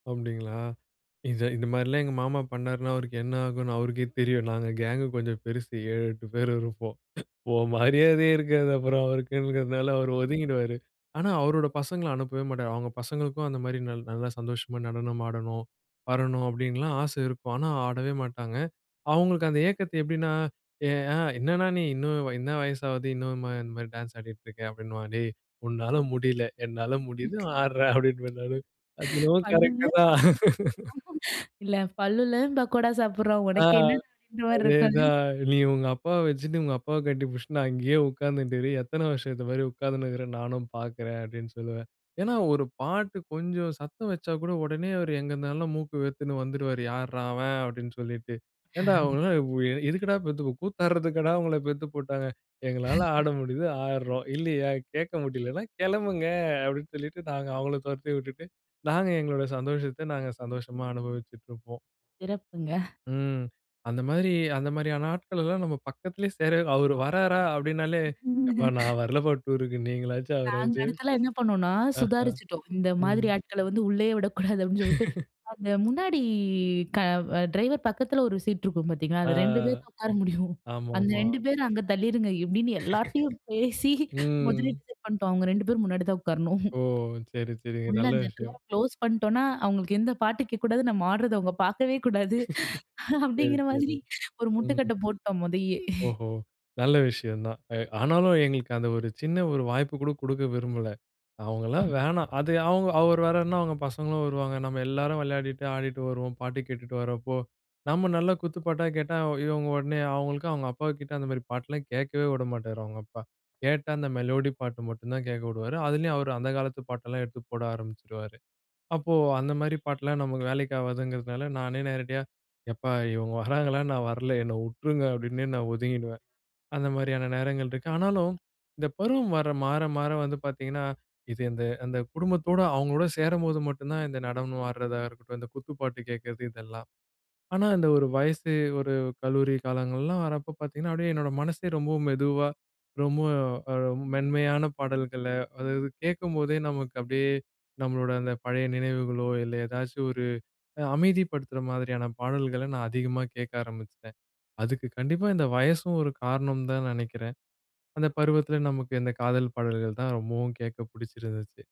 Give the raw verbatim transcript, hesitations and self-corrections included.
அப்டிங்களா? இந்த இந்த மாதிரில்லாம் எங்கள் மாமா பண்ணார்ன்னா அவருக்கு என்ன ஆகும்ன்னு அவருக்கே தெரியும். நாங்க கேங் கொஞ்சம் பெருசு ஏழு, எட்டு பேர் இருப்போம். உன் மரியாதையே இருக்காது அப்புறம் அவருக்குங்கிறதுனால அவர் ஒதுங்கிருவாரு. ஆனா அவரோட பசங்கள அனுப்பவே மாட்டாரு. அவங்க பசங்களுக்கும் அந்த மாதிரி நல் நல்லா சந்தோஷமா நடனம் ஆடணும், வரணும் அப்டின்னுலாம் ஆசை இருக்கும். ஆனா ஆடவே மாட்டாங்க. அவங்களுக்கு அந்த ஏக்கத்த எப்டின்னா, என்னண்ணா நீ இன்னும் என்ன வயசு ஆகுது? இன்னும் இந்த மாதிரி டான்ஸ் ஆடிக்கிட்டு இருக்கிறே. அப்படின்னுவான். டேய் உன்னால முடியல. என்னால முடியுது ஆடுறேன். அப்படின்னுவேன் நானு. அது என்னமோ பல்லு கரெக்ட் உள்ளவன் தான். பக்கோடா சாப்பிடுறான். இல்ல பல்லு உள்ளவன் பக்கோடா சாப்பிடுறான் ஆ உனக்கு என்னடா! அப்படின்ற மாரி அதே இருக்காது. தான். நீ உங்க அப்பாவ வச்சிட்டு உங்க அப்பாவ கட்டி பிடிச்சிட்டு அங்கேயே உட்கார்ந்துனுட்டு இரு. எத்தன வருஷத்துக்கு இந்த மாதிரி உட்கார்ந்துனுட்டு இருக்கிறேன்னு நானும் பார்க்கிறேன் அப்படின்னு சொல்லுவேன். ஏன்னா ஒரு பாட்டு கொஞ்சம் சத்தம் வச்சா கூட உடனே அவரு எங்கே இருந்தாலும் மூக்கு வேர்த்துன்ட்டு வந்துருவாரு. யாருடா அவன் அப்டின்னு சொல்லிட்டு. ஏன்டா அஹ. உங்கள எதுக்குடா பெத்துருக்கு கூத்தாடுறதுக்காடா உங்கள பெத்து போட்டாங்க? எங்களால ஆட முடியுது, ஆடுறோம். இல்லையா கேட்க முடியல்லைன்னா கெளம்புங்க அப்படின்னு சொல்லிட்டு, நாங்க அவங்கள தொரத்தி விட்டுட்டு நாங்க எங்களோட சந்தோஷத்த நாங்க சந்தோஷமா அனுபவிச்சுட்டு இருப்போம். சிறப்புங்க. ம். அந்த மாதிரி அந்த மாதிரியான ஆட்கள் எல்லாம் நம்ம பக்கத்திலேயே சேர அவரு வர்றாரா? அப்டின்னாலே யப்பா ஆமங்க. நான் வரலப்பா டூருக்கு நீங்களாச்சு நாங்க அவராச்சு. அடுத்தெல்லாம் என்ன பண்ணோம்னா ஆஹ சுதாரிச்சுட்டோம். இந்த மாதிரி ம். ஆட்கள வந்து உள்ளேயே விடக்கூடாது அப்படின்னு சொல்லிட்டு, அந்த முன்னாடி க டிரைவர் பக்கத்தில ஒரு சீட் இருக்கும் பார்த்தீங்களா? ஆ அந்த ரெண்டு பேர் தான் உட்கார முடியும். அந்த ஆமாமா. ரெண்டு பேரும் அங்க தள்ளிருங்க. இப்டின்னு எல்லார்ட்டயும் பேசி முதலே ம். டிசைட் பண்ணிட்டோம். அவங்க ரெண்டு பேரும் முன்னாடி தான் உட்காரணும். ஓ! சரி, சரிங்க. உள்ள நல்ல அந்த டோர விஷயம். குளோஸ் பண்ணிட்டோம்னா, அவங்களுக்கு எந்த பாட்டு கேட்க கூடாது. நம்ம ஆடுறது அவங்க பார்க்கவே கூடாது. சரி, அப்படிங்கிற சரி. மாதிரி ஒரு ம். முட்டுக்கட்ட போட்டோம் மொதயே. ஓஹோ! நல்ல விஷயம் தான். எ ஆனாலும் எங்களுக்கு அந்த ஒரு சின்ன ஒரு வாய்ப்பு கூட குடுக்க விரும்பல. அவங்கலாம் வேணாம். அது அவங்க அவர் வேற என்ன அவங்க பசங்களும் வருவாங்க. நம்ம எல்லோரும் வெளையாடிட்டு ஆடிட்டு வருவோம். பாட்டு கேட்டுட்டு வர்றப்போ, நம்ம நல்ல குத்துப்பாட்டா கேட்டா, அவ இவங்க உடனே அவங்களுக்கும் அவங்க அப்பா கிட்ட அந்த மாதிரி பாட்டெல்லாம் கேட்கவே விட மாட்டாரு அவங்க அப்பா. கேட்டா அந்த மெலோடி பாட்டு மட்டும் தான் கேட்க விடுவாரு. அதிலேயும் அவரு அந்த காலத்து பாட்டெல்லாம் எடுத்து போட ஆரம்பிச்சுருவாரு. அப்போ அந்த மாதிரி பாட்டெல்லாம் நமக்கு வேலைக்கு ஆகாதுங்கிறதுனால நானே நேரடியா "யப்பா இவங்க வர்றாங்களா? நான் வரல என்ன விட்டுருங்க." அப்படின்னே நான் ஒதுங்கிடுவேன். அந்த மாதிரியான நேரங்கள் இருக்கு. ஆனாலும் இந்த பருவம் வர மாற மாற வந்து பார்த்தீங்கன்னா இது இந்த அந்த அந்த குடும்பத்தோட அவங்களோடு சேரம்போது மட்டும்தான் இந்த நடனம் ஆடுறதா இருக்கட்டும், இந்த குத்து பாட்டு கேட்கிறது இதெல்லாம். ஆனா அந்த ஒரு வயசு, ஒரு கல்லூரி காலங்கள்லாம் வர்றப்போ பார்த்தீங்கன்னா, அப்டியே என்னோட மனசே ரொம்பவும் மெதுவா ரொம்ப மெ மென்மையான பாடல்கள, அதாவது கேட்கும்போதே நமக்கு அப்டியே நம்மளோட அந்த பழைய நினைவுகளோ, இல்ல ஏதாச்சும் ஒரு அமைதிப்படுத்துற மாதிரியான பாடல்கள நான் அதிகமா கேட்க ஆரம்பிச்சிட்டேன். அதுக்கு கண்டிப்பா இந்த வயசும் ஒரு காரணம் தான் நெனைக்கிறேன். அந்த பருவத்தில நமக்கு இந்த காதல் பாடல்கள் தான் ரொம்பவும் கேட்க பிடிச்சிருந்துச்சு.